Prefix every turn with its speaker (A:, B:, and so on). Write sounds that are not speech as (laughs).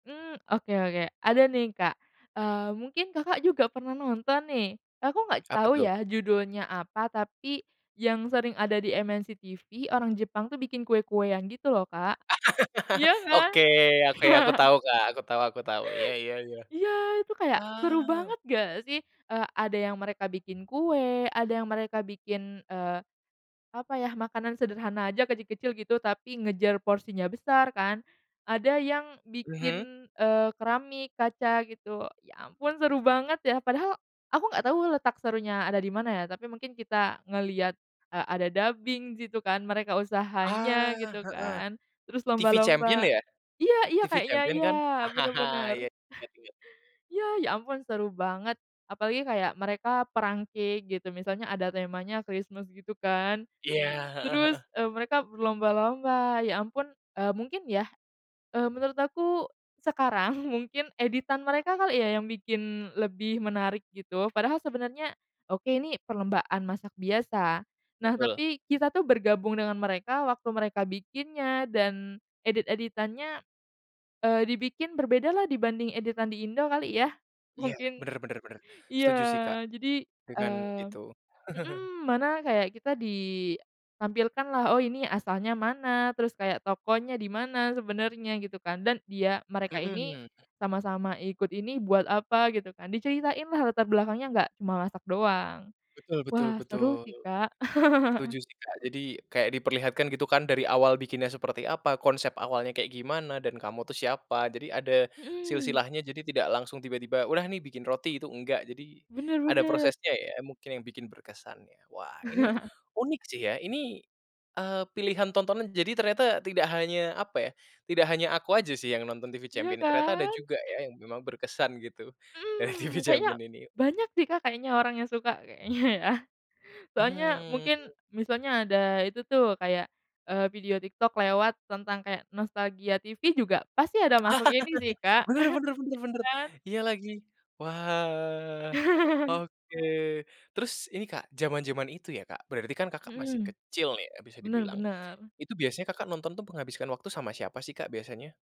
A: Mmm, oke oke, ada nih, Kak, eee, mungkin, Kakak, juga pernah nonton nih, aku gak
B: Apa
A: tau
B: tuh?
A: ya judulnya apa, tapi yang sering ada di MNCTV orang Jepang tuh bikin kue-kue yang gitu loh, Kak,
B: (laughs)
A: iya kan?
B: Oke, aku ya aku
A: (laughs)
B: tau, Kak, aku tau aku tau, iya iya iya.
A: Iya itu kayak seru
B: Ah.
A: banget gak sih? Eee, ada yang mereka bikin kue, ada yang mereka bikin, eee, apa ya, makanan sederhana aja kecil-kecil gitu tapi ngejar porsinya besar kan, ada yang
B: Mhm.
A: bikin, eee, keramik, kaca gitu, ya ampun seru banget ya! Padahal aku gak tau letak serunya ada di mana ya, tapi mungkin kita ngeliat, eee, ada dubbing di situ kan, mereka usahanya
B: Ah,
A: gitu
B: heeh.
A: kan, terus
B: TV Champion
A: lomba-lomba.
B: ya?
A: Iya iya,
B: TV
A: kayaknya
B: Champion
A: iya
B: kan?
A: bener
B: (laughs)
A: bener.
B: Iya inget inget.
A: Iya, ya ampun seru banget apalagi kayak mereka perang cake gitu misalnya ada temanya Christmas gitu kan,
B: Iya, heeh
A: terus,
B: heeh.
A: eee, mereka berlomba-lomba, ya ampun, eee, mungkin ya, eee, menurut aku sekarang mungkin editan mereka kali ya, yang bikin lebih menarik gitu, padahal sebenarnya, oke ini perlombaan masak biasa. Nah,
B: Betul.
A: tapi kita tuh bergabung dengan mereka waktu mereka bikinnya dan edit-editannya, eee, dibikin berbeda lah dibanding editan di Indo kali ya,
B: Iya
A: mungkin
B: bener bener bener, setuju sih, Kak,
A: iya jadi,
B: dengan
A: eee
B: itu. (laughs)
A: mhm, mana kayak kita ditampilkan lah, oh ini asalnya mana, terus kayak tokonya di mana sebenarnya gitu kan dan dia mereka ini
B: Mhm.
A: sama-sama ikut ini buat apa? Gitu kan, diceritain lah latar belakangnya gak cuma masak doang.
B: Betul betul
A: Wah seru
B: betul.
A: sih, Kak. (laughs)
B: Setuju sih, Kak, jadi kayak diperlihatkan gitu kan dari awal bikinnya seperti apa, konsep awalnya kayak gimana, dan kamu tuh siapa. Jadi ada
A: Mhm.
B: silsilahnya, jadi tidak langsung tiba-tiba udah nih bikin roti, itu enggak, jadi
A: Benar
B: ada
A: benar.
B: prosesnya ya mungkin yang bikin berkesan ya. Wah ini
A: (chuckles)
B: unik sih ya ini, eee, pilihan tontonan jadi ternyata tidak hanya, apa ya, tidak hanya aku aja sih yang nonton TV
A: Iya
B: Champion, ternyata ada
A: kan?
B: juga ya yang memang berkesan gitu dari TV
A: Mhm, kayaknya
B: Champion ini.
A: banyak sih, Kak, kayaknya orang yang suka, kayaknya ya. Soalnya
B: Mhm,
A: mungkin
B: mmm.
A: misalnya ada itu tuh kayak, eee, video TikTok lewat tentang kayak nostalgia TV juga pasti ada masuk ini sih,
B: (laughs)
A: Kak,
B: Bener bener bener
A: (laughs)
B: bener,
A: iya kan?
B: iya lagi, wah
A: (chuckles)
B: oke. Terus ini, Kak, jaman-jaman itu ya, Kak, berarti kan, Kakak, masih
A: Mhm,
B: kecil nih ya bisa
A: bener
B: dibilang,
A: bener.
B: itu biasanya, Kakak, nonton tuh menghabiskan waktu sama siapa sih, Kak, biasanya?